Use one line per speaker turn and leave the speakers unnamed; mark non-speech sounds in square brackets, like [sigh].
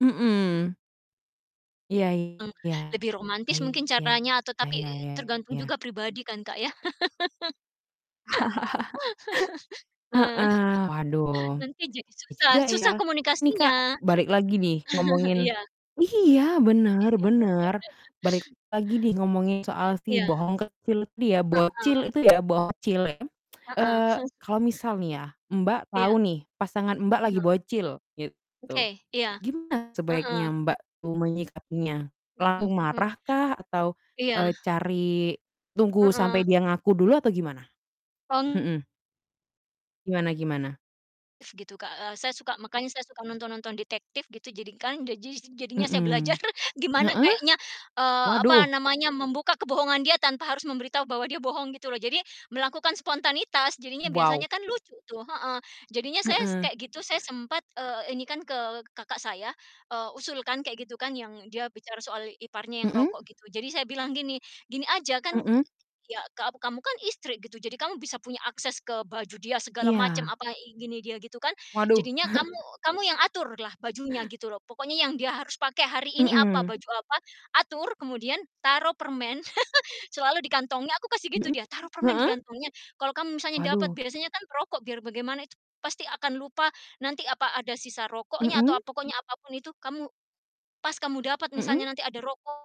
Mhm. Iya
Mmm,
iya
lebih romantis mungkin
iya
caranya atau tapi
iya
tergantung
iya.
juga pribadi kan, Kak, ya? [laughs]
[laughs]
[laughs] Heeh,
Heeh, waduh.
nanti jadi
iya
susah
juga
susah
ya. Ini, Kak,
komunikasinya.
balik lagi nih
[chuckles]
ngomongin
Iya.
iya bener bener.
[laughs]
Balik lagi nih ngomongin soal si
Iya.
bohong kecil itu ya, bocil
Heeh.
itu ya bocil ya, [tsk]
Heeh.
eee,
[chuckles]
kalau misal nih ya, Mbak, tahu
Iya.
nih pasangan, Mbak, lagi
Mhm.
bocil gitu,
Oke, iya.
gimana sebaiknya,
Heeh.
Mbak, tuh menyikapinya?
Mhm
Langsung
mhm.
marah kah? Atau,
Iya.
e cari tunggu
Heeh.
sampai dia ngaku dulu atau gimana?
Teng
Mhm. Gimana gimana?
Gitu, Kak, e saya suka makanya saya suka nonton-nonton detektif gitu jadikan jadi jadinya saya belajar
Mhh,
[chuckles] gimana
heeh?
kayaknya, eee,
Waduh.
apa namanya, membuka kebohongan dia tanpa harus memberitahu bahwa dia bohong gitu loh. Jadi, melakukan spontanitas jadinya biasanya
Wow.
kan lucu tuh heeh. Jadinya saya s
Heeh.
kayak gitu, saya sempat, eee, ini kan ke kakak saya, eee, usulkan kayak gitu kan yang dia bicara soal iparnya yang
Mhm?
rokok gitu. Jadi saya bilang gini, "Gini aja kan, e
Mhm?
ya ka kamu kan istri gitu, jadi kamu bisa punya akses ke baju dia segala macam,
Iya.
apa, gini dia gitu kan,
Waduh.
jadinya kamu
[chuckles]
kamu yang aturlah bajunya gitu loh. Pokoknya yang dia harus pakai hari ini apa?
Mhm.
Baju apa, atur kemudian taruh permen [laughs] selalu di kantongnya" aku kasih gitu
Mhm?
dia. "taruh permen di
Heeh?
kantongnya, kalau kamu misalnya dapat"
Waduh.
biasanya kan perokok biar bagaimana itu pasti akan lupa nanti apa ada sisa rokoknya atau
Mhm?
apa, "pokoknya apapun itu kamu pas kamu dapat
Mhm.
misalnya nanti ada rokok"